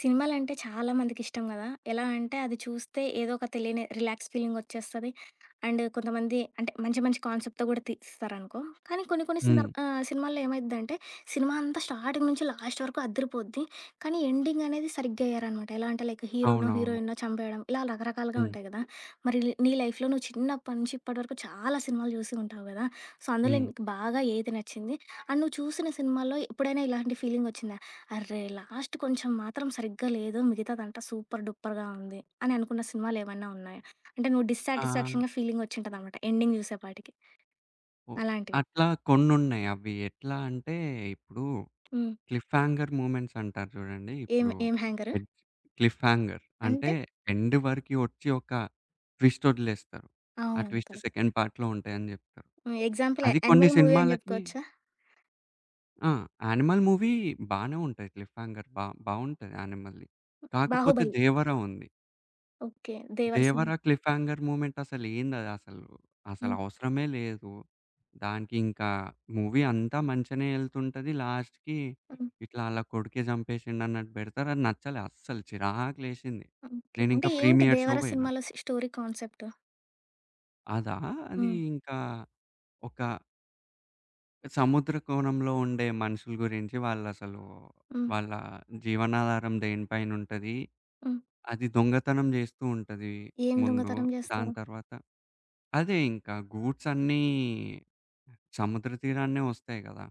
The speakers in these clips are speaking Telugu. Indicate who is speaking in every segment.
Speaker 1: సినిమాలంటే చాలామందికి ఇష్టం ‌గదా! ఎలా అంటే అది చూస్తే ఏదో ఒక తెలియని రిలాక్స్ ఫీలింగొచ్చేస్తది. అండ్ కొంతమంది అంటే మంచి, మంచి కాన్సెప్ట్‌తో కూడా తీస్తారనుకో కానీ కొన్ని‌కొన్ని
Speaker 2: హ్మ్.
Speaker 1: సందర్బ్ ఆహ్, సినిమాలో ఏమైద్దంటే, సినిమా అంతా స్టార్టింగ్ నుంచి లాస్ట్ వరకు అదిరి‌పోద్ది. కానీ ఎండింగ్ అనేది సరిగ్గా ఎయ్యరనమాట. ఎలా అంటే లైక్ హీరోనో,
Speaker 2: అవునవును.
Speaker 1: హీరోయిన్‌నో చంపేయడం, ఇలా రకరకాలుగా
Speaker 2: హ్మ్.
Speaker 1: ఉంటాయి కదా! మరి ల్ నీ లైఫ్‌లో నువ్వు చిన్నప్పటి నుంచి ఇప్పటి వరకు చాలా సినిమాలు చూసి ఉంటావు గ‌దా! సో అందులో
Speaker 2: హ్మ్.
Speaker 1: నీకు బాగా ఏది నచ్చింది? అండ్ నువ్వు చూసిన సినిమాల్లో ఎప్పుడైనా ఇలాంటి ఫీలింగొచ్చిందా? "అరె లాస్ట్ కొంచెం మాత్రం సరిగ్గా లేదు, మిగతాదంతా సూపర్ డూపర్‌గా ఉంది." అని అనుకున్న సినిమాలేవన్నా ఉన్నాయా? అంటే నువ్వు
Speaker 2: ఆ!
Speaker 1: డిస్సాటిస్ఫాక్షన్‌గా ఫీలింగొచ్చుంటదనమాట. ఎండింగ్ చూసేపాటికి.
Speaker 2: ఓహ్!
Speaker 1: అలాంటివి.
Speaker 2: అట్లా కొన్నున్నయి అవి ఎట్లా అంటే ఇప్పుడు
Speaker 1: హ్మ్.
Speaker 2: క్లిఫ్ హంగర్ మూమెం‌ట్స్ అంటారు చూడండి.
Speaker 1: ఏం‌
Speaker 2: ఇప్పుడు
Speaker 1: ఏం హ్యాంగరు?
Speaker 2: ఎడ్ క్లిఫ్ హంగర్ అంటే
Speaker 1: అంటే?
Speaker 2: ఎండ్ వరకు ఒచ్చి ఒక ట్విస్ట్ ఒదిలేస్తారు. ఆ
Speaker 1: అవున‌‌‌వును.
Speaker 2: Twist
Speaker 1: correct.
Speaker 2: సెకండ్ పార్ట్‌లో ఉంటాయని చెప్తారు.
Speaker 1: హ్మ్, ఎగ్జాంపుల్
Speaker 2: అది కొన్ని
Speaker 1: 'యనిమల్' మూవీ అని
Speaker 2: సినిమా‌లకి
Speaker 1: చెప్పుకోవచ్చా?
Speaker 2: ఆ! 'యానిమల్' మూవీ బానే ఉంటది క్లిఫ్ హంగర్ బావ్ బావుంటది. 'యానిమల్‌ది'. కాకపోతే
Speaker 1: 'బాహుబలి'
Speaker 2: 'దేవ‌ర' ఉంది.
Speaker 1: ఓకే. దేవర సింగ్
Speaker 2: దేవరా క్లిఫ్‌హ్యంగార్ మూమెంట్ అసలు ఏందది అసలు? అసలు
Speaker 1: హ్మ్.
Speaker 2: అవసరమేలేదు. దానికి ఇంకా మూవీ అంతా మంచిగనే ఎళ్తుంటది లాస్ట్‌కి
Speaker 1: హ్మ్.
Speaker 2: ఇట్లా వాళ్ళ కొడుకే చంపేసిండన్నట్టు పెడతారు. అది నచ్చలా అస్సలు చిరాకు లేశింది.
Speaker 1: ఓకే. అంటే
Speaker 2: నేనింకా
Speaker 1: ఏంటి
Speaker 2: ప్రీమియర్ షో
Speaker 1: దేవర
Speaker 2: పోయినా.
Speaker 1: సినిమాలో సి స్టోరీ కాన్సెప్ట్?
Speaker 2: అదా? అది
Speaker 1: హ్మ్.
Speaker 2: ఇంకా ఒక సముద్రకోణంలో ఉండే మనుషుల గురించి వాళ్ళసలు.
Speaker 1: హ్మ్.
Speaker 2: వాళ్ళ జీవనాధారం దేనిపైనుంటది.
Speaker 1: హ్మ్.
Speaker 2: అది దొంగతనం జేస్తూంటది
Speaker 1: ఏం
Speaker 2: ముందు.
Speaker 1: దొంగతనం జేస్తారు?
Speaker 2: దాని తర్వాత అదే ఇంకా ఈ గూడ్స్ అన్నీ సముద్ర తీరాన్నే వస్తాయి గదా.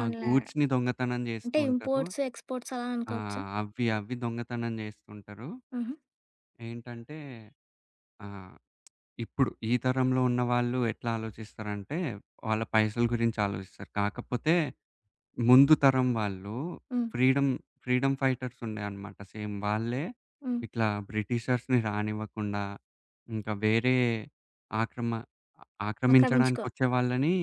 Speaker 2: ఆ
Speaker 1: ల
Speaker 2: గూడ్స్‌ని దొంగతనం
Speaker 1: అంటే
Speaker 2: జేస్తూంటారు.
Speaker 1: ఇంపోర్ట్స్, ఎక్స్‌పోర్ట్స్ అలా
Speaker 2: ఆ!
Speaker 1: అనుకోవచ్చా?
Speaker 2: అవ్వి అవ్వి దొంగతనం చేస్తుంటారు.
Speaker 1: హుహు.
Speaker 2: ఏంటంటే ఆహ్, ఇప్పుడు ఈ తరంలో ఉన్న వాళ్ళు ఎట్ల ఆలోచిస్తారంటే, వాళ్ళ పైసల గురించి ఆలోచిస్తారు. కాకపోతే ముందు తరం వాళ్ళు
Speaker 1: హ్మ్
Speaker 2: ఫ్రీడమ్ ఫ్రీడమ్ ఫైటర్స్ ఉండేన్నమాట సేమ్ వాళ్ళే
Speaker 1: హ్మ్.
Speaker 2: ఇట్లా బ్రిటిషర్స్‌ని రానివ్వకుండా, ఇంకా వేరే ఆక్రమ అ
Speaker 1: ఆక్రమించుకో
Speaker 2: ఆక్రమించడానికొచ్చే వాళ్ళని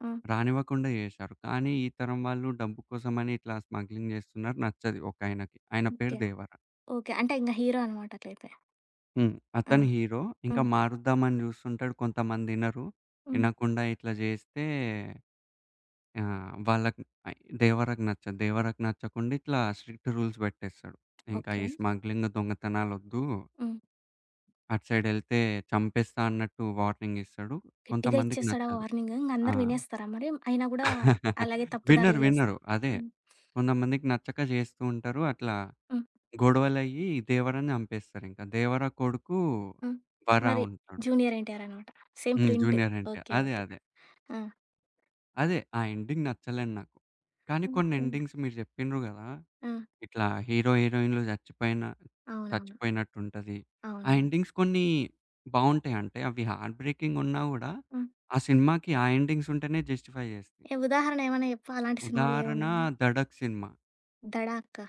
Speaker 1: ఆ!
Speaker 2: రానివ్వకుండా జేశారు. కానీ, ఈ తరం వాళ్ళు డబ్బు కోసమని ఇట్లా స్మగ్లింగ్ చేస్తున్నారు నచ్చదు ఒకాయనకి. ఆయన పేరు
Speaker 1: ఓకే.
Speaker 2: దేవర.
Speaker 1: ఓకే. అంటే ఇంగ హీరో అన్నమాట అట్లైతే.
Speaker 2: హ్మ్.
Speaker 1: ఆ!
Speaker 2: అతను హీరో. ఇంకా
Speaker 1: హ్మ్.
Speaker 2: మారుద్దామని చూస్తుంటాడు, కొంతమందినరు,
Speaker 1: హ్మ్.
Speaker 2: ఇనకుండా ఇట్లా చేస్తే, ఆహ్, వాళ్ళకి దేవరకు నచ్చదు. దేవరకు నచ్చకుండా ఇట్లా స్ట్రిక్ట్ రూల్స్ పెట్టేస్తాడు. "ఇంకా
Speaker 1: ఓకే.
Speaker 2: ఈ స్మగ్లింగ్ దొంగతనాలొద్దు"
Speaker 1: హ్మ్.
Speaker 2: "అటు సైడెళ్తే చంపేస్తా" అన్నట్టు వార్నింగ్ ఇస్తాడు.
Speaker 1: గట్టిగా
Speaker 2: కొంతమందికి
Speaker 1: ఇచ్చేస్తాడా
Speaker 2: నచ్చదు.
Speaker 1: వార్నింగు. ఇంగ
Speaker 2: ఆ!
Speaker 1: అందరు వినేస్తారా మరి? అయినా గూడా అలాగే తప్పు
Speaker 2: వినరు,
Speaker 1: దారిలో చేస్
Speaker 2: వినరు అదే.
Speaker 1: హ్మ్.
Speaker 2: కొంతమందికి నచ్చక జేస్తుంటారు, అట్లా
Speaker 1: హ్మ్.
Speaker 2: గొడవలయ్యి, దేవరాని చంపేస్తారు ఇంక, దేవర కొడుకు
Speaker 1: హ్మ్.
Speaker 2: వరా
Speaker 1: మరి
Speaker 2: ఉంటడు.
Speaker 1: జూనియర్ ఎన్‌టి‌ఆర్ అన్నమాట! సేమ్
Speaker 2: హ్మ్.
Speaker 1: ప్రింట్.
Speaker 2: Junior NTR
Speaker 1: okay.
Speaker 2: అదే.
Speaker 1: ఓకే.
Speaker 2: అదే.
Speaker 1: ఆ!
Speaker 2: అదే. ఆ ఎండింగ్ నచ్చలేదు నాకు. కానీ కొన్ని
Speaker 1: ఓకే.
Speaker 2: ఎండింగ్స్ మీరు చెప్పిండ్రు గదా!
Speaker 1: ఆ!
Speaker 2: ఇట్లా హీరో హీరోయిన్లు చచ్చిపోయిన
Speaker 1: అవునవును.
Speaker 2: చచ్చిపోయినట్టు ఉంటది. ఆ
Speaker 1: అవునవును.
Speaker 2: ఎండింగ్స్ కొన్ని బావుంటాయంటే అవి హార్ట్ బ్రేకింగ్ ఉన్నా గూడా.
Speaker 1: హ్మ్.
Speaker 2: ఆ సినిమాకి ఆ ఎండింగ్స్ ఉంటేనే జస్టిఫై జేస్తాయి.
Speaker 1: ఎ ఉదాహరణ ఏమన్నా జెప్పు అలాంటి సినిమాలు
Speaker 2: ఉదాహరణ,
Speaker 1: ఏమున్నాయి?
Speaker 2: 'ధడక్' సినిమా.
Speaker 1: దడాకా?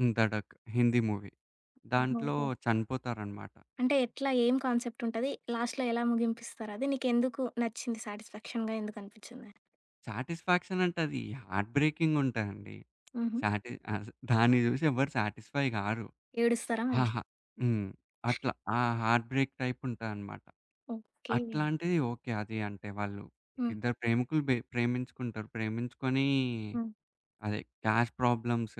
Speaker 2: హ్మ్. 'ధడక్' హిందీ మూవీ.
Speaker 1: హ్మ్.
Speaker 2: దాంట్లో
Speaker 1: ఓహో!
Speaker 2: చనిపోతారనమాట.
Speaker 1: అంటే ఎట్లా? ఏం కాన్సెప్ట్ ఉంటది? లాస్ట్‌లో ఎలా ముగింపిస్తారు? అది నీకు ఎందుకు నచ్చింది? సాటిస్ఫాక్షన్‌గా ఎందుకు అనిపిచ్చింది?
Speaker 2: సాటిస్ఫాక్షన్ అంటే, అది హార్ట్ బ్రేకింగ్ ఉంటదండి.
Speaker 1: హుహు.
Speaker 2: సాటి ఆస దాన్ని జూసి ఎవరు సాటిస్‌ఫై గారు.
Speaker 1: ఏడుస్తారా మరి?
Speaker 2: హాహా హ్మ్. అట్లా ఆ హార్ట్ బ్రేక్ టైప్ ఉంటదన్నమాట.
Speaker 1: ఓకే.
Speaker 2: అట్లాంటిది ఓకే. అది అంటే వాళ్ళు
Speaker 1: హ్మ్.
Speaker 2: ఇద్దరు ప్రేమికులు, బె ప్రేమించుకుంటారు. ప్రేమించుకుని
Speaker 1: హ్మ్.
Speaker 2: అదే క్యాస్ట్ ప్రాబ్లమ్స్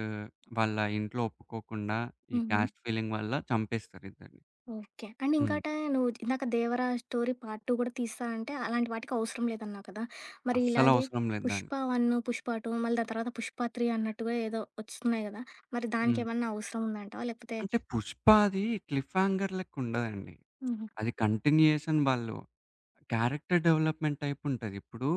Speaker 2: వాళ్ళ ఇంట్లో ఒప్పుకోకుండా ఈ
Speaker 1: హుహు.
Speaker 2: క్యాస్ట్ ఫీలింగ్ వల్ల చంపేస్తారు ఇద్దరిని.
Speaker 1: ఓకే. అండ్
Speaker 2: హ్మ్.
Speaker 1: ఇంకోట నువ్వు ఇందాక 'దేవరా' స్టోరీ పార్ట్ 2 కూడా తీస్తాను అంటే అలాంటి వాటికి అవసరం లేదు అన్నావు కదా. మరి ఇలాగే
Speaker 2: అస్సలవసరం లేదు
Speaker 1: పుష్ప
Speaker 2: దానికి.
Speaker 1: వన్ను, పుష్ప 2 మళ్ళీ దాని తరువాత పుష్ప 3 అన్నట్టుగా ఏదో ఒస్తున్నాయి కదా మరి
Speaker 2: హ్మ్.
Speaker 1: దానికేమన్నా అవసరం ఉందాంటావా లేకపోతే?
Speaker 2: అంటే, 'పుష్పది' క్లిఫ్ హాంగర్ లెక్కుం‌డదండి.
Speaker 1: హుహు.
Speaker 2: అది కంటిన్యూయేషన్ వాళ్ళు క్యారెక్టర్ డెవలప్‌మెంట్ టైప్ ఉంటది. ఇప్పుడు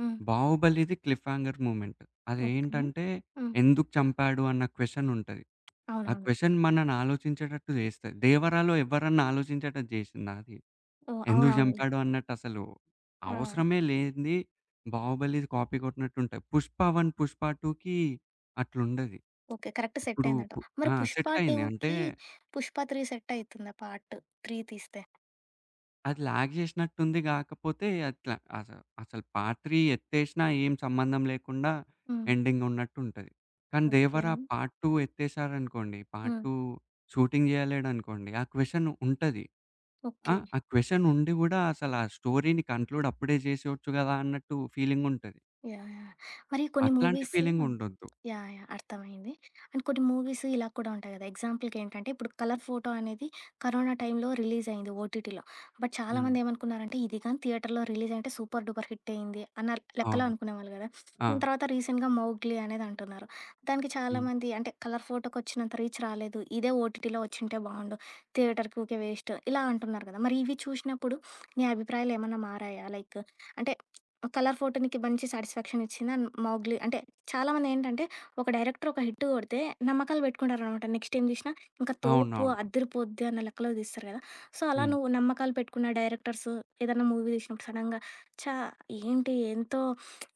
Speaker 1: హ్మ్.
Speaker 2: 'బాహుబలిది' క్లిఫ్ హంగర్ మూవ్‌మెంట్. అది
Speaker 1: ఓకే.
Speaker 2: ఏంటంటే,
Speaker 1: హ్మ్.
Speaker 2: ఎందుకు చంపాడు అన్న క్వెషన్ ఉంటది. ఆ
Speaker 1: అవునవును.
Speaker 2: క్వెషన్ మనల్ని ఆలోచించేటట్టు జేస్తది. 'దేవరా' లో ఎవరన్నా ఆలోచించేటట్టు జేసిందా అది?
Speaker 1: ఓహ్!
Speaker 2: ఎందుకు
Speaker 1: అవునవును.
Speaker 2: జంపాడు అన్నట్టు
Speaker 1: ఆ!
Speaker 2: అసలవసరమే లేనిది 'బాహుబలిది' కాపీ కొట్టినట్టు ఉంటయి. 'పుష్ప 1' 'పుష్ప 2కి' అట్లుండది.
Speaker 1: ఓకే. కరెక్ట్
Speaker 2: ఇప్పుడు పు
Speaker 1: సెటయిందంటవు. మరి
Speaker 2: ఆ!
Speaker 1: 'పుష్ప
Speaker 2: సెటయింది. అంటే
Speaker 1: 2కి' 'పుష్ప 3' సెట్ అయితుందా? పార్ట్ 3 తీస్తే.
Speaker 2: అది ల్యాగ్ జేసినట్టు ఉంది గాకపోతే, అట్లా, అసలు అసలు పార్ట్ 3 ఎత్తేసినా ఏం సంబంధం లేకుండా
Speaker 1: హ్మ్.
Speaker 2: ఎండింగ్ ఉన్నట్టుంటది. కానీ
Speaker 1: ఓకే.
Speaker 2: 'దేవరా' పార్ట్ 2 ఎత్తేసారనుకోండి, పార్ట్
Speaker 1: హ్మ్.
Speaker 2: 2 షూటింగ్ జేయలేడనుకోండి, ఆ క్వశ్చన్ ఉంటది. ఆ!
Speaker 1: ఓకే.
Speaker 2: ఆ క్వశ్చన్ ఉండి గుడా అసల ఆ స్టోరీని కంక్లూడ్ అప్పుడే చేసేయచ్చు గదా అన్నట్టు ఫీలింగుంటది.
Speaker 1: యాహ్! యాహ్! మరి కొన్ని
Speaker 2: అట్లాంటి
Speaker 1: మూవీసు
Speaker 2: ఫీలింగ్ ఉండొద్దు.
Speaker 1: యాహ్! యాహ్! అర్థమైంది. అండ్ కొన్ని మూవీసు ఇలా కూడా ఉంటాయి గదా! ఎగ్జాంపుల్‌కి ఏంటంటే, ఇప్పుడు 'కలర్ ఫోటో' అనేది కరోనా టైంలో రిలీజ్ అయింది ఓటీటీలో. బట్
Speaker 2: హ్మ్.
Speaker 1: చాలామంది ఏమనుకున్నారంటే, ఇది గాని థియేటరులో రిలీజ్ ‌అయింటే, సూపర్ డూపర్ హిట్ అయింది అన్నరు లెక్కలో
Speaker 2: అవును.
Speaker 1: అనుకునేవాళ్ళు గదా,
Speaker 2: ఆ!
Speaker 1: దాని తర్వాత రీసెంట్‌గా మౌగ్లీ అనేదంటున్నారు. దానికి
Speaker 2: హ్మ్.
Speaker 1: చాలామంది అంటే, 'కలర్ ఫోటోకి' వచ్చినంత రీచ్ రాలేదు. ఇదే ఓటీటీలో వచ్చింటే బావుండు. థియేటరుకీ ఊకే వేస్ట్ ఇలా అంటున్నారు గదా! మరి ఇవి చూసినప్పుడు, నీ అభిప్రాయాలేమన్నా మారాయా? లైక్ అంటే, 'కలర్ ఫోటో' నీకు మంచి సాటిస్ఫాక్షన్ ఇచ్చిందా? 'మౌగ్లీ' అంటే చాలామందేంటంటే, ఒక డైరెక్టర్ ఒక హిట్ గొడితే నమ్మకాలు పెట్టుకుంటారనమాట నెక్స్ట ఏం తీసినా, ఇంకా తోపు,
Speaker 2: అవునవును.
Speaker 1: అద్దిరిపోద్ది అన్న లెక్కలో తీస్తారు గదా! సో, అలా
Speaker 2: హ్మ్.
Speaker 1: నువ్వు నమ్మకాలు పెట్టుకున్న డైరెక్టర్సు ఏదన్న మూవీస్ ఇప్పుడు సడెన్‌గా ఛా! ఏంటి ఎంతో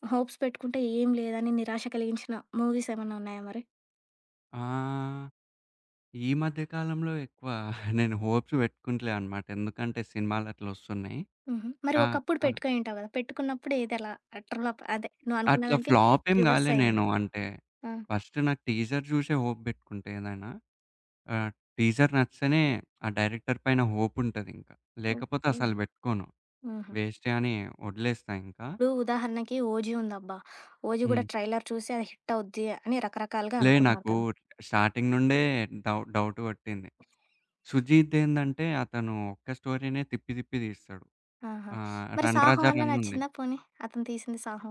Speaker 1: హోప్స్ పెట్టుకుంటే ఏం లేదని నిరాశ కలిగించిన, మూవీస్ ఏమన్నా ఉన్నాయా మరి?
Speaker 2: ఆ! ఈ మధ్య కాలంలో ఎక్కువ నేను హోప్స్ పెట్టుకుంటలేన్నమాట, ఎందుకంటే సినిమాలట్లా ఒస్తున్నాయి.
Speaker 1: హుహు. మరి
Speaker 2: కా
Speaker 1: ఒకప్పుడు
Speaker 2: ఆ!
Speaker 1: పెట్టుకుని ఉంటావు గదా! పెట్టుకున్నప్పుడు ఎదలా అట్టర్ ఫ్లాఫ్ అదే
Speaker 2: అట్లా
Speaker 1: నువ్వనుకున్నదానికి
Speaker 2: ఫ్లాపేం
Speaker 1: రివర్స్
Speaker 2: గాలే
Speaker 1: అయింది?
Speaker 2: నేను, అంటే
Speaker 1: ఆ!
Speaker 2: ఫస్ట్ నాకు టీజర్ జూసే హోప్ పెట్టుకుంటే ఏదైనా. ఆహ్, టీజర్ నచ్చితేనే, ఆ డైరెక్టర్ పైన హోప్ ఉంటదింకా, లేకపోతే
Speaker 1: ఓకే.
Speaker 2: అసలు బెట్టుకోను.
Speaker 1: ఆహా!
Speaker 2: వేస్టే అని వదిలేస్తా ఇంకా.
Speaker 1: ఇప్పుడు ఉదాహరణకి, ఓజీ ఉందబ్బా! ఓజి కూడా
Speaker 2: హ్మ్.
Speaker 1: ట్రైలర్ చూసే అది హిట్ అవుద్ది అని రకరకాలుగా
Speaker 2: లే
Speaker 1: అనుకున్నారు
Speaker 2: నాకు
Speaker 1: క
Speaker 2: స్టార్టింగ్ నుండే డౌట్ డౌట్ గొట్టింది. సుజీత్ ఏందంటే, అతను ఒక్క స్టోరీనే తిప్పి తిప్పి తీస్తాడు.
Speaker 1: ఆహా!
Speaker 2: ఆహ్,
Speaker 1: మరి
Speaker 2: 'రన్
Speaker 1: సాహో
Speaker 2: రాజా
Speaker 1: అన్న
Speaker 2: రన్' ఉంది.
Speaker 1: నచ్చిందా పోనీ, అతను తీసింది సాహో?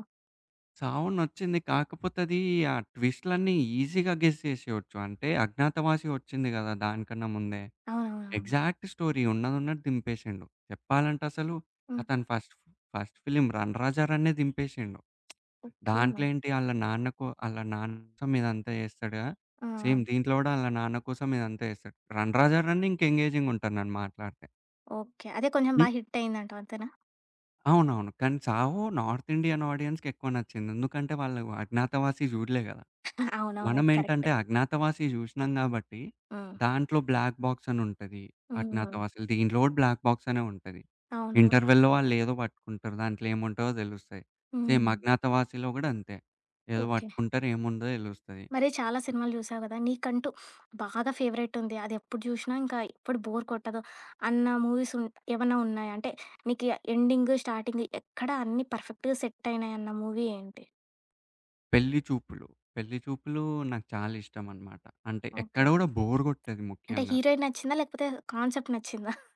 Speaker 2: సాహో నచ్చింది. కాకపోతే ఆది ఆ ట్విస్టులన్నీ ఈసీగా గెస్ చేసేయొచ్చు. అంటే అజ్ఞాతవాసి ఒచ్చింది కదా! దానికన్నా ముందే,
Speaker 1: అవునవునవును.
Speaker 2: ఎగ్జాక్ట్ స్టోరీ ఉన్నదున్నట్టు దింపేసిండు. చెప్పాలంటే అసలు,
Speaker 1: హ్మ్.
Speaker 2: అతను first first film run Raja రనే దింపేసిండు.
Speaker 1: ఓకే.
Speaker 2: దాంట్లో ఏంటి ఆళ్ళ నాన్న కొ ఆళ్ళ నాన్న సం ఇదంతా జేస్తాడుగా
Speaker 1: ఆ! ఆ!
Speaker 2: సేమ్ దీంట్లో కూడా వాళ్ళ నాన్న కోసం ఇదంతా జేస్తాడు. రన్ రాజా రన్ ఇంక ఎంగేజింగ్ ఉంటాది నేను మాట్లాడితే.
Speaker 1: ఓకే. అదే కొంచెం
Speaker 2: హ్మ్?
Speaker 1: బా హిటయిందంటావు అంతేనా?
Speaker 2: అవునవును. కానీ 'సాహో' నార్త్ ఇండియన్ ఆడియన్స్‌‌కెక్కువ నచ్చింది. ఎందుకంటే వాళ్ళు 'అజ్ఞాతవాసి' చూడలే కదా!
Speaker 1: అవునవును.
Speaker 2: మనం
Speaker 1: అది కరెక్ట్.
Speaker 2: ఏంటంటే 'అజ్ఞాతవాసి' జూశినాం కాబట్టి,
Speaker 1: హ్మ్.
Speaker 2: దాంట్లో బ్లాక్ బాక్సనుంటది.
Speaker 1: హ్మ్.
Speaker 2: 'అజ్ఞాతవాసిలో' దీంట్లో గూడా బ్లాక్ బాక్సనే ఉంటది.
Speaker 1: అవునవును.
Speaker 2: ఇంటర్వల్‌లో వాళ్ళేదో పట్టుకుంటరు, దాంట్లో ఏముంటదో తెలుస్తాయి. సేమ్
Speaker 1: హ్మ్.
Speaker 2: 'అజ్ఞాతవాసిలో' గూడా అంతే ఏదో
Speaker 1: ఓకే.
Speaker 2: వట్టుకుంటారు ఏముందో తెలుస్తది.
Speaker 1: మరి చాలా సినిమాలు జూసావు గదా! నీకంటూ బాగా ఫేవరటుంది. అదెప్పుడు జూశినా ఇంకా ఎప్పుడు బోర్ కొట్టదు, అన్న మూవీస్ ఉన్ ఏవన్నా ఉన్నాయా? అంటే నీకు ఎండింగ్, స్టార్టింగ్ ఎక్కడ అన్ని పర్ఫెక్ట్‌గా సెటయినాయన్న మూవీ ఏంటి?
Speaker 2: 'పెళ్లి చూపులు', 'పెళ్లి చూపులు' నాకు చాలా ఇష్టమన్నమాట. అంటే
Speaker 1: ఓకే.
Speaker 2: ఎక్కడ గూడా బోర్ గొట్టదు
Speaker 1: అంటే
Speaker 2: ముఖ్యంగా.
Speaker 1: హీరోయిన్ నచ్చిందా? లేకపోతే కాన్సెప్ట్ నచ్చిందా?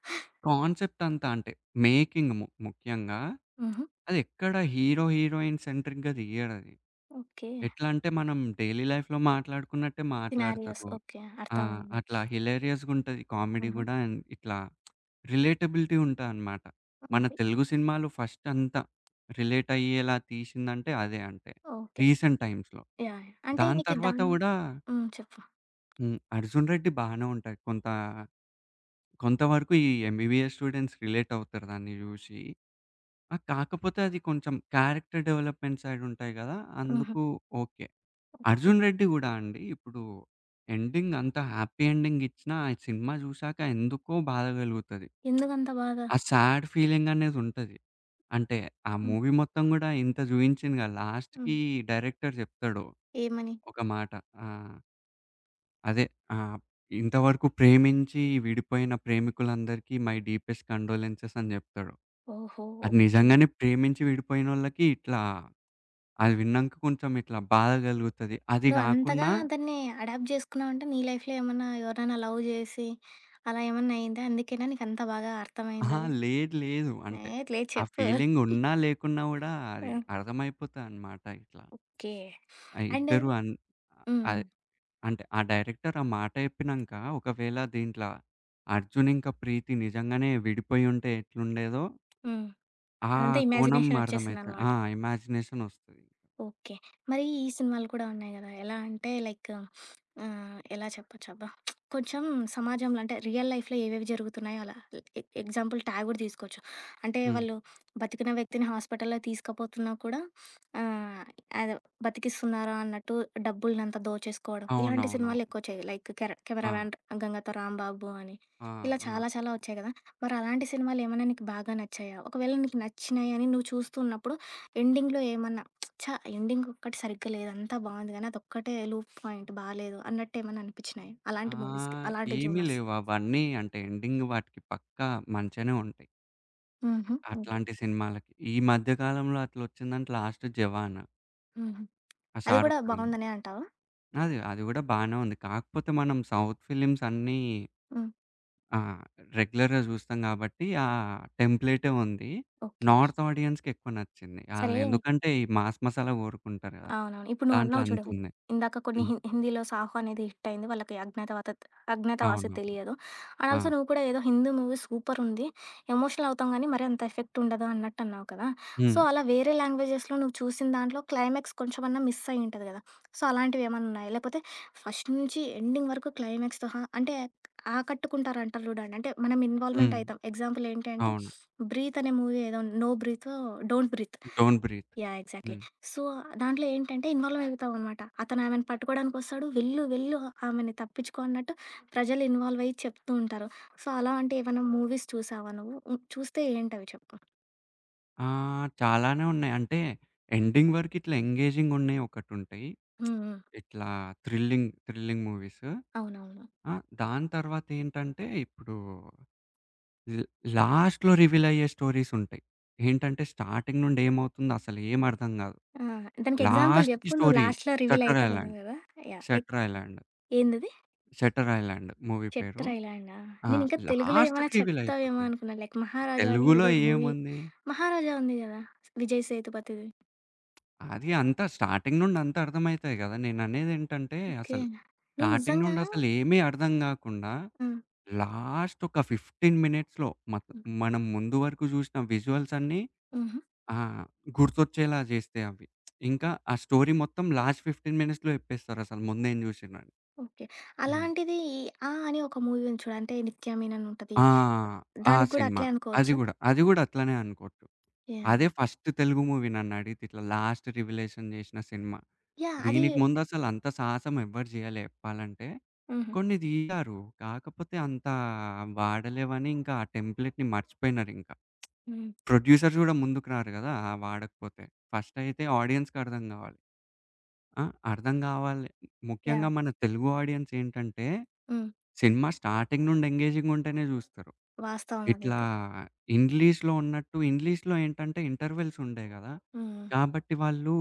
Speaker 2: కాన్సెప్ట్ అంతా అంటే, మేకింగ్ ము ముఖ్యంగా,
Speaker 1: హుహు.
Speaker 2: అది ఎక్కడ హీరో, హీరోయిన్ సెంట్రిక్‌గా తీయడది.
Speaker 1: ఓకే.
Speaker 2: ఎట్లా అంటే మనం డైలీ లైఫ్‌లో మాట్లాడుకున్నట్టే
Speaker 1: సినారియోస్
Speaker 2: మాట్లాడతారు.
Speaker 1: ఓకే.
Speaker 2: ఆ!
Speaker 1: అర్థమైంది.
Speaker 2: అట్లా హిలేరియస్‌గుంటది కామెడీ
Speaker 1: ఆహా!
Speaker 2: గూడా ఎంత్ ఇట్లా రిలేటబిలిటీ ఉంటాదనమాట. మన
Speaker 1: ఓకే.
Speaker 2: తెలుగు సినిమాలు ఫస్టంతా రిలేటయ్యేలా తీశిందంటే, అదే అంటే,
Speaker 1: ఓకే.
Speaker 2: రీసెంట్ టైమ్స్‌లో.
Speaker 1: యాహ్! అంటే
Speaker 2: దాని
Speaker 1: నీకు
Speaker 2: తర్వాత
Speaker 1: దాన్
Speaker 2: గూడా
Speaker 1: హ్మ్. చెప్పు.
Speaker 2: హ్మ్. 'అర్జున్ రెడ్డి' బానే ఉంటాయి. కొంత కొంత వరకు ఈ ఎంబీబీఎస్ స్టూడెంట్స్ రిలేటవుతారు దాన్ని జూశి. ఆహ్, కాకపోతే అది కొంచెం క్యారెక్టర్ డెవలప్మెంట్ సైడ్ ఉంటాయి గదా!
Speaker 1: హుహు.
Speaker 2: అందుకు ఓకే.
Speaker 1: ఓకే.
Speaker 2: 'అర్జున్ రెడ్డి' గూడా అండి ఇప్పుడు ఎండింగ్ అంత హ్యాపీ ఎండింగ్ ఇచ్చినా, ఆ సినిమా చూసాక ఎందుకో బాధ గలుగుతది.
Speaker 1: ఎందుకంత బాధ?
Speaker 2: ఆ సాడ్ ఫీలింగనేదుంటది. అంటే ఆ
Speaker 1: హ్మ్.
Speaker 2: మూవీ మొత్తం గూడా ఇంత జూయించిండుగా
Speaker 1: హ్మ్.
Speaker 2: లాస్ట్‌కి డైరెక్టర్ జెప్తాడు
Speaker 1: ఏమని?
Speaker 2: ఒక మాట ఆ! అదే ఆహ్, "ఇంతవరకు ప్రేమించి విడిపోయిన ప్రేమికులందరికీ మై డీపెస్ట్ కండోలెన్సెస్" అని జెప్తాడు.
Speaker 1: ఓహో!
Speaker 2: అది
Speaker 1: ఓకే.
Speaker 2: నిజంగానే ప్రేమించి విడిపోయినోళ్ళకి ఇట్లా, అది విన్నాంక కొంచెం ఇట్లా బాధ గలుగుతది. అది
Speaker 1: నువ్వు అంతగా
Speaker 2: గాకున్నా
Speaker 1: దాన్ని అడాప్ట్ జేసుకున్నావంటే, నీ లైఫ్‌లో ఏమన్నా ఎవరైనా లవ్ జేసి, అలా ఏమన్నా అయిందా? అందుకేనా నీకంత బాగా
Speaker 2: ఆహా!
Speaker 1: అర్థమైందది.
Speaker 2: లేదు లేదు.
Speaker 1: ఏ
Speaker 2: అంటే
Speaker 1: లేదు
Speaker 2: ఆ
Speaker 1: చెప్పు.
Speaker 2: ఫీలింగున్నా, లేకున్నా గూడా అది
Speaker 1: ఆ!
Speaker 2: అర్థమైపోతదన్నమాట ఇట్లా.
Speaker 1: ఓకే.
Speaker 2: ఆ
Speaker 1: అండ్
Speaker 2: ఇద్దరూ అం
Speaker 1: హ్మ్. హ్మ్.
Speaker 2: అదే అంటే ఆ డైరెక్టర్ ఆ మాట జెప్పినంక ఒకవేళ దీంట్లో 'అర్జున్' ఇంక 'ప్రీతి' నిజంగానే విడిపోయుంటే ఎట్లుండేదో
Speaker 1: హ్మ్.
Speaker 2: ఆ
Speaker 1: అదంతా
Speaker 2: కోణం
Speaker 1: ఇమాజినేషన్
Speaker 2: అర్థమైతది
Speaker 1: ఒచ్చేసిందన్నమాట.
Speaker 2: ఆ! ఇమాజినేషన్ ఒస్తది.
Speaker 1: ఓకే. మరి ఈ సినిమాలు కూడా ఉన్నాయి గదా! ఎలా అంటే లైక్ ఆహ్, ఎలా చెప్పొచ్చబ్బా కొంచెం సమాజంలో అంటే రియల్ లైఫ్‌లో ఏవేవి జరుగుతున్నాయో అలా. ఎ ఎ ఎగ్జాంపుల్ 'ఠాగూర్' తీసుకోవచ్చు అంటే
Speaker 2: హ్మ్.
Speaker 1: వాళ్ళు బతికిన వ్యక్తిని హాస్పిటల్లో తీసకపోతున్నా కూడా ఆహ్, అదే బతికిస్తున్నారా అన్నట్టు డబ్బుల్నం‌తా దోచేసుకోవడం ఇలాంటి
Speaker 2: అవునవునవును.
Speaker 1: సినిమాలు ఎక్కువొచ్చాయి లైక్ కెర
Speaker 2: ఆ!
Speaker 1: 'కెమెరామన్ గంగతో రాంబాబు' అని
Speaker 2: ఆ!
Speaker 1: ఇలా
Speaker 2: ఆ!
Speaker 1: చాలా చాలా ఒచ్చాయి గదా! మరలాంటి సినిమాలేమన్నా నీకు బాగా నచ్చాయా? ఒకవేళ నీకు నచ్చినయని, నువ్వు చూస్తున్నప్పుడు ఎండింగ్‌లో ఏమన్నా ఛ! ఎండింగ్ ఒక్కటి సరిగ్గా లేదు అంతా బావుంది కానీ, అదొక్కటే లూప్ పాయింట్ బాలేదు. అన్నట్టు ఏమన్నా అనిపిచ్చినయా? అలాంటి మూవీస్‌కి,
Speaker 2: ఆహ్,
Speaker 1: అలాంటి
Speaker 2: ఏమి
Speaker 1: జోనర్స్?
Speaker 2: లేవు అవన్నీ అంటే ఎండింగ్ వాటికి పక్కా మంచిగనే ఉంటయి.
Speaker 1: హుహు. ఓకే.
Speaker 2: అట్లాంటి సినిమాలకి. ఈ మధ్యకాలంలో అట్లొచ్చిందంటే, లాస్ట్ 'జవాన్.'
Speaker 1: హుహు.
Speaker 2: ఆ
Speaker 1: అది గూడా
Speaker 2: 'షారుక్ ఖాన్‌ది'.
Speaker 1: బావుందనే అంటావా?
Speaker 2: అది అది కూడా బానే ఉంది. కాకపోతే మనం సౌత్ ఫిల్మ్స్ అన్నీ
Speaker 1: హ్మ్.
Speaker 2: ఆ! రెగ్యులర్‌గా జూస్తాం కాబట్టి, ఆ! టెంప్లేటే ఉంది.
Speaker 1: ఓకే.
Speaker 2: నార్త్ ఆడియన్స్‌కి ఎక్కువ నచ్చింది.
Speaker 1: సరే
Speaker 2: ఆళ్లెందుకంటే, ఈ మాస్ మసాలా కోరుకుంటారు కదా,
Speaker 1: అవునవును. ఇప్పుడు
Speaker 2: దాంట్లో
Speaker 1: నువ్వన్నావు
Speaker 2: అంత
Speaker 1: చూడు,
Speaker 2: ఉంది.
Speaker 1: ఇందాక కొన్ని
Speaker 2: హ్మ్.
Speaker 1: హిన్ హిందీలో 'సాహో' అనేది హిట్ అయింది. వాళ్ళకి అజ్ఞాతవా 'అజ్ఞాతవాసి'
Speaker 2: అవును.
Speaker 1: తెలియదు. అండ్
Speaker 2: ఆ!
Speaker 1: ఆల్సో నువ్వు కూడా ఏదో హిందీ మూవీ సూపరుంది, ఎమోషనల్ అవుతాం కానీ, మరి అంత ఎఫెక్ట్ ఉండదు అన్నట్టు అన్నావు కదా! సో,
Speaker 2: హ్మ్.
Speaker 1: అలా వేరే లాంగ్వేజెస్‌లో నువ్వు చూసిన దాంట్లో క్లైమాక్స్ కొంచెమన్నా మిస్ అయ్యి ఉంటది గదా! సో అలాంటివి ఏమన్నా ఉన్నాయా, లేపోతే ఫస్ట్ నుంచి ఎండింగ్ వరకు క్లైమాక్స్‌తో అంటే, ఆకట్టుకుంటారు అంటారు చూడండి. అంటే మనం ఇన్వాల్వ్‌మెంట్
Speaker 2: హ్మ్.
Speaker 1: అయితం. ఎగ్జాంపుల్ ఏంటి అంటే,
Speaker 2: అవును.
Speaker 1: 'బ్రీత్' అనే మూవీ ఉన్ ఏదో, నో బ్రీతో, 'don't breathe'
Speaker 2: 'don't breathe.'
Speaker 1: Yeah! Exactly.
Speaker 2: హ్మ్.
Speaker 1: సో, దాంట్లో ఏంటంటే, ఇన్వాల్వ్ అవుతాం అన్నమాట. అతను ఆమెను పట్టుకోవడానికొస్తాడు. వెళ్ళు వెళ్ళు, ఆమెను తప్పించుకో అన్నట్టు ప్రజలు ఇన్వాల్వ్ అయ్యి చెప్తుంటారు. సో, అలాంటి ఏవన్నా మూవీస్ చూసావా నువ్వు? హ్మ్. చూస్తే ఏంటవి చెప్పు.
Speaker 2: ఆహ్, చాలానే ఉన్నాయి. అంటే ఎండింగ్ వరకిట్లా ఎంగేజింగ్ ఉన్నయి ఒకటుంటాయి.
Speaker 1: హ్మ్. హ్మ్.
Speaker 2: ఇట్లా థ్రిల్లింగ్, థ్రిల్లింగ్ మూవీస్
Speaker 1: అవునవును.
Speaker 2: ఆ! దాని తర్వాతేంటంటే, ఇప్పుడు ల్ లాస్ట్‌లో రివీల్ అయ్యే స్టోరీస్ ఉంటాయి. ఏంటంటే, స్టార్టింగ్ నుండి ఏమవుతుందో అసలు ఏమి అర్థం గాదు.
Speaker 1: ఆ! దానికి ఎగ్జాంపుల్
Speaker 2: లాస్ట్‌లో
Speaker 1: జెప్పు, నువ్వు
Speaker 2: స్టోరీ
Speaker 1: లాస్ట్‌లో రివీల్
Speaker 2: షట్టర్ ఐలాండ్,
Speaker 1: అయితానన్నావు గదా! యాహ్! ఎక్
Speaker 2: షట్టర్ ఐలాండ్...
Speaker 1: ఏందది?
Speaker 2: షట్టర్ ఐలాండ్ మూవీ పేరు,
Speaker 1: చెట్టర్ ఐ లాండా!
Speaker 2: ఆ!
Speaker 1: నేనింకా తెలుగులో ఏమైనా
Speaker 2: లాస్ట్‌కి రివీల్
Speaker 1: చెప్తావేమో
Speaker 2: అయిపోతది.
Speaker 1: అనుకున్నాను. లైక్ 'మహారాజా' అని
Speaker 2: తెలుగులో
Speaker 1: ఏదో మూవీ
Speaker 2: ఏముంది?
Speaker 1: మహారాజా ఉంది గదా! విజయ్ సేతుపతిది.
Speaker 2: అది అంతా స్టార్టింగ్ నుండి అంతా అర్థం అయితది గదా! నేను అనేదేంటంటే,
Speaker 1: ఓకె.
Speaker 2: అసలు
Speaker 1: నువ్వు
Speaker 2: స్టార్టింగ్
Speaker 1: నిజంగా
Speaker 2: నుండి అసలు ఏమి అర్థం కాకుండా
Speaker 1: హ్మ్.
Speaker 2: లాస్ట్ ఒక 15 మినిట్స్‌లో మత్
Speaker 1: హ్మ్.
Speaker 2: మనం ముందు వరకు జూశిన విజువల్స్ అన్నీ
Speaker 1: హుహు.
Speaker 2: ఆహ్, గుర్తొచ్చేలా జేస్తే అవి. ఇంకా ఆ స్టోరీ మొత్తం లాస్ట్ 15 మినిట్స్‌లో జెప్పేస్తారు అసలు ముందే చూసిండ్రని.
Speaker 1: ఓకె.
Speaker 2: హ్మ్.
Speaker 1: అలాంటిది "ఆ" అని ఒక మూవీ ఉంది చూడు, అంటే నిత్యమన్ ఉంటది.
Speaker 2: ఆ! ఆ
Speaker 1: దానికి గూడా
Speaker 2: సినిమా
Speaker 1: అట్లే
Speaker 2: అది
Speaker 1: అనుకోవచ్చా?
Speaker 2: గూడా, అది గూడా అట్లనే అనుకోవచ్చు. అదే
Speaker 1: యాహ్!
Speaker 2: ఫస్ట్ తెలుగు మూవీ నన్ను అడిగితే ఇట్లా లాస్ట్ రివలేషన్ జేసిన సినిమా.
Speaker 1: యాహ్! అది
Speaker 2: దీనికి ముందసలు అంత సాహసం ఎవరు జెయ్యలే జెప్పాలంటే,
Speaker 1: హుహు.
Speaker 2: కొన్ని తీశారు. కాకపోతే అంత అవాడలేవని, ఇంకా ఆ టెంప్లేట్‌ని మర్చిపోయినారింకా.
Speaker 1: హ్మ్.
Speaker 2: ప్రొడ్యూసర్స్ గూడా ముందుకు‌రారు గదా! అవాడకపోతే. ఫస్టయితే ఆడియన్స్‌కి అర్థం గావాలి. ఆ? అర్థం గావాలే, ముఖ్యంగా
Speaker 1: యాహ్!
Speaker 2: మన తెలుగు ఆడియన్స్ ఏంటంటే,
Speaker 1: హ్మ్.
Speaker 2: సినిమా స్టార్టింగ్ నుండి ఎంగేజింగ్‌గా ఉంటేనే జూస్తారు.
Speaker 1: వాస్తవం
Speaker 2: ఇట్లా
Speaker 1: అదైతే.
Speaker 2: ఇంగ్లీష్‌లో ఉన్నట్టు ఇంగ్లీష్‌లో ఏంటంటే, ఇంటర్వల్స్ ఉండయి గదా!
Speaker 1: హ్మ్. హ్మ్.
Speaker 2: కాబట్టి, వాళ్ళు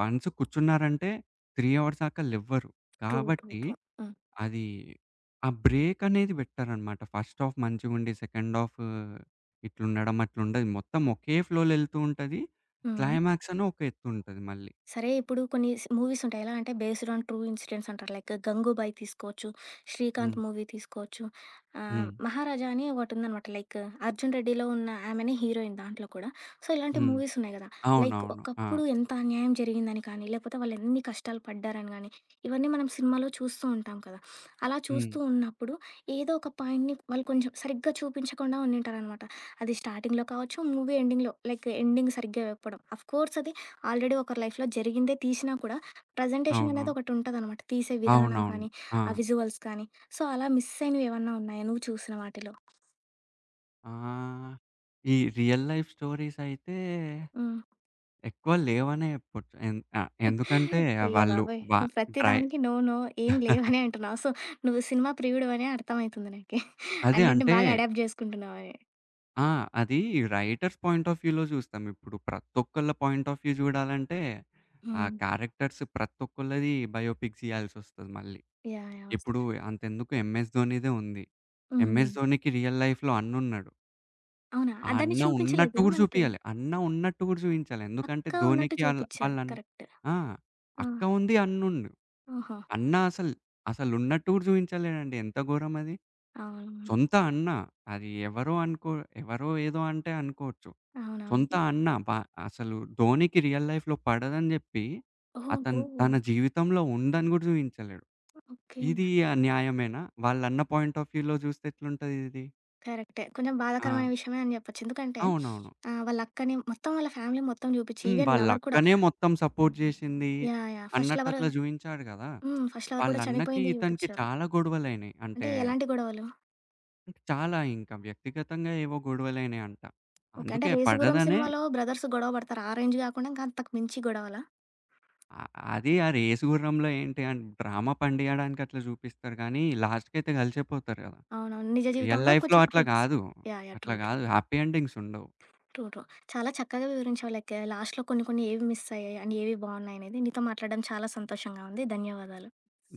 Speaker 2: వన్స్ కూర్చున్నారంటే, 3 హవర్స్‌ దాక లెవ్వరు.
Speaker 1: ట్రూ. ట్రూ.
Speaker 2: కాబట్టి,
Speaker 1: ట్రూ. హ్మ్.
Speaker 2: అది ఆ బ్రేక్ అనేది పెట్టారన్నమాట ఫస్ట్‌ హాఫ్ మంచిగుండి సెకండ్ హాఫూ ఇట్లుండడం అట్లుండదు. మొత్తం ఓకే ఫ్లో‌లో ఎళ్తూ ఉంటది.
Speaker 1: హ్మ్. హ్మ్.
Speaker 2: క్లైమాక్స్ అని ఒక ఎత్తు ఉంటది మళ్ళీ.
Speaker 1: సరే, ఇప్పుడు కొన్ని స్ మూవీస్ ఉంటాయి. ఎలా అంటే బేస్డ్ ఆన్ ట్రూ ఇన్సిడెంట్స్ అంటారు. లైక్ 'గంగుబాయి' తీసుకోవచ్చు.
Speaker 2: హ్మ్.
Speaker 1: 'శ్రీకాంత్' మూవీ తీసుకోవచ్చు. ఆహ్,
Speaker 2: హ్మ్.
Speaker 1: 'మహారాజా' అని ఒకటుందనమాట. లైక్ అర్జున్ రెడ్డిలో ఉన్న ఆమెనే హీరోయిన్ దాంట్లో కూడా సో ఇలాంటి
Speaker 2: హ్మ్
Speaker 1: మూవీస్ ఉన్నాయి గదా! లైక్
Speaker 2: అవునవును. ఆ!
Speaker 1: ఒకప్పుడు ఎంత అన్యాయం జరిగిందని కానీ, లేపోతే వాళ్ళు ఎన్ని కష్టాలు పడ్డారని కానీ, ఇవన్నీ మనం సినిమాలో చూస్తూ ఉంటాం కదా! అలా
Speaker 2: హ్మ్.
Speaker 1: చూస్తూ ఉన్నప్పుడు, ఏదో ఒక పాయింట్‌ని వాళ్ళు కొంచెం సరిగ్గా చూపించకుండా ఉండింటారనమాట. అది స్టార్టింగ్‌లో కావచ్చు, మూవీ ఎండింగ్‌లో, లైక్ ఎండింగ్ సరిగ్గా వెప్పడం ఆఫ్‌కోర్స్ అది ఆల్రెడీ ఒకరి లైఫ్‌లో జరిగిందే తీశినా కూడా ప్రజెంటేషన్ అనేది
Speaker 2: అవును.
Speaker 1: ఒకటి ఉంటుందనమాట. తీసే విధానం
Speaker 2: అవునవును.
Speaker 1: కానీ, ఆ
Speaker 2: ఆ!
Speaker 1: విజువల్స్‌ కానీ సో అలా మిస్ అయినవి ఏమన్నా ఉన్నాయా? నువ్వు చూసిన వాటిలో?
Speaker 2: ఆహ్, ఈ రియల్ లైఫ్ స్టోరీసయితే
Speaker 1: హ్మ్.
Speaker 2: ఎక్కువ లేవనే జెప్పొచ్చు ఎన్ ఆహ్, ఎందుకంటే,
Speaker 1: అయ్య
Speaker 2: వాళ్ళు
Speaker 1: బాబోయ్!
Speaker 2: వా
Speaker 1: నువ్వు ప్రతి
Speaker 2: డ్రై
Speaker 1: దానికి నో నో ఏమి లేవనే అంటున్నావు సో, నువ్వు సినిమా ప్రియుడువనే అర్థంమైతుంది నాకి.
Speaker 2: అదే
Speaker 1: అన్నిటిని
Speaker 2: అంటే
Speaker 1: బాగా అడాప్ట్ జేసుకుంటున్నావని.
Speaker 2: ఆ! అది రైటర్స్ పాయింట్ ఆఫ్ వ్యూలో చూస్తాం. ఇప్పుడు ప్రతి ఒక్కళ్ళ పాయింట్ ఆఫ్ వ్యూ చూడాలంటే, ఆ
Speaker 1: హ్మ్.
Speaker 2: క్యారెక్టర్స్ ప్రతి ఒక్కళ్ళది బయోపిక్స్ ఇయ్యాల్సొస్తది. మళ్ళీ
Speaker 1: యాహ్! యాహ్! వస్తా.
Speaker 2: ఇప్పుడు అంతెందుకు 'ఎంఎస్ ధోనిదే' ఉంది.
Speaker 1: హ్మ్.
Speaker 2: 'ఎంఎస్
Speaker 1: హ్మ్.
Speaker 2: ధోనికి' రియల్ లైఫ్‌లో అన్నున్నాడు.
Speaker 1: అవునా!
Speaker 2: ఆ
Speaker 1: దాన్ని
Speaker 2: అన్న ఉన్నట్టు
Speaker 1: చూపించలేదదా
Speaker 2: గూడా
Speaker 1: మనకి?
Speaker 2: జూపియాలే. అన్న ఉన్నట్టు గూడా జూయించలే. ఎందుకంటే,
Speaker 1: అక్క ఉన్నట్టు
Speaker 2: 'ధోనికి' ఆళ్ళ,
Speaker 1: చూపిచ్చారు
Speaker 2: వాళ్ళన్
Speaker 1: కరెక్ట్.
Speaker 2: ఆ!
Speaker 1: ఆ!
Speaker 2: అక్క ఉంది అన్న ఉన్
Speaker 1: ఆహా!
Speaker 2: అన్న అసలు అసలు ఉన్నట్టు గూడా చూపించలేదండి ఎంత ఘోరం అది.
Speaker 1: అవును.
Speaker 2: సొంత అన్న అది ఎవరో అనుకో ఎవరో ఏదో అంటే అనుకోవచ్చు.
Speaker 1: అవునవును.
Speaker 2: సొంత
Speaker 1: ఇ
Speaker 2: అన్న బ అసలు 'ధోనికి' రియల్ లైఫ్‌లో పడదని జెప్పి,
Speaker 1: ఓహో!
Speaker 2: అతను తన జీవితంలో ఉందని గూడా జూయించలేడు.
Speaker 1: ఓకే.
Speaker 2: ఇది ఆహ్, న్యాయమేనా వాళ్ళన్న పాయింట్ ఆఫ్ వ్యూలో చూస్తే ఎట్లుంటదిది.
Speaker 1: కరెక్టే. కొంచెం
Speaker 2: ఆ!
Speaker 1: బాధాకరమైన విషయమే అని జెప్పచ్చు. ఎందుకంటే,
Speaker 2: అవునవును.
Speaker 1: ఆహ్, వాళ్ళ అక్కని మొత్తం వాళ్ళ ఫ్యామిలీ మొత్తం చూపించి
Speaker 2: హ్మ్.
Speaker 1: ఈవెన్
Speaker 2: వాళ్ళ
Speaker 1: లవర్ కూడా.
Speaker 2: అక్కనే మొత్తం సపోర్ట్ జేశింది
Speaker 1: యాహ్! యాహ్! ఫస్ట్ లవరు,
Speaker 2: అన్నట్టట్లా జూపించాడు కదా!
Speaker 1: హ్మ్. ఫస్ట్ లవర్
Speaker 2: వాళ్ళ
Speaker 1: కూడా
Speaker 2: అన్నకి
Speaker 1: చనిపోయింది
Speaker 2: ఇతనికి
Speaker 1: జూపిచారు.
Speaker 2: చాలా గొడవలైనాయి
Speaker 1: అంటే
Speaker 2: అంటే
Speaker 1: ఎలాంటి గొడవలు?
Speaker 2: చాలా ఇంకా వ్యక్తిగతంగా ఏవో గొడవలైయినాయంట.
Speaker 1: ఓకే. అంటే
Speaker 2: అందుకే
Speaker 1: 'రేసుగుర్రం'
Speaker 2: పడదనే
Speaker 1: సినిమాలో బ్రదర్స్ గొడవ పడతారు ఆ రేంజ్ గాకుండా అంతకు మించి గొడవల?
Speaker 2: అ అది ఆ రేసుగుర్రంలో ఏంటి అం డ్రామ పండియడానికి అట్లా జూపిస్తారు గానీ, లాస్ట్‌కయితే కలిసిపోతారు కదా!
Speaker 1: అవును. అవును. నిజ
Speaker 2: రియల్
Speaker 1: జీవితంలో
Speaker 2: లైఫ్‌లో
Speaker 1: కొంచెం
Speaker 2: అట్లా
Speaker 1: హిట్స్
Speaker 2: గాదు.
Speaker 1: యాహ్! యాహ్!
Speaker 2: అట్లా
Speaker 1: ట్రూ ట్రూ.
Speaker 2: గాదు హ్యాపీ ఎండింగ్స్ ఉండవు.
Speaker 1: ట్రూ. ట్రూ. చాలా చక్కగా వివరించావు లైక్‌ లాస్ట్‌లో కొన్ని కొన్ని ఏవి మిస్ అయ్యాయి. అండ్ ఏవి బావున్నాయనేది నీతో మాట్లాడడం చాలా సంతోషంగా ఉంది. ధన్యవాదాలు.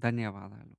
Speaker 2: ధన్యవాదాలు.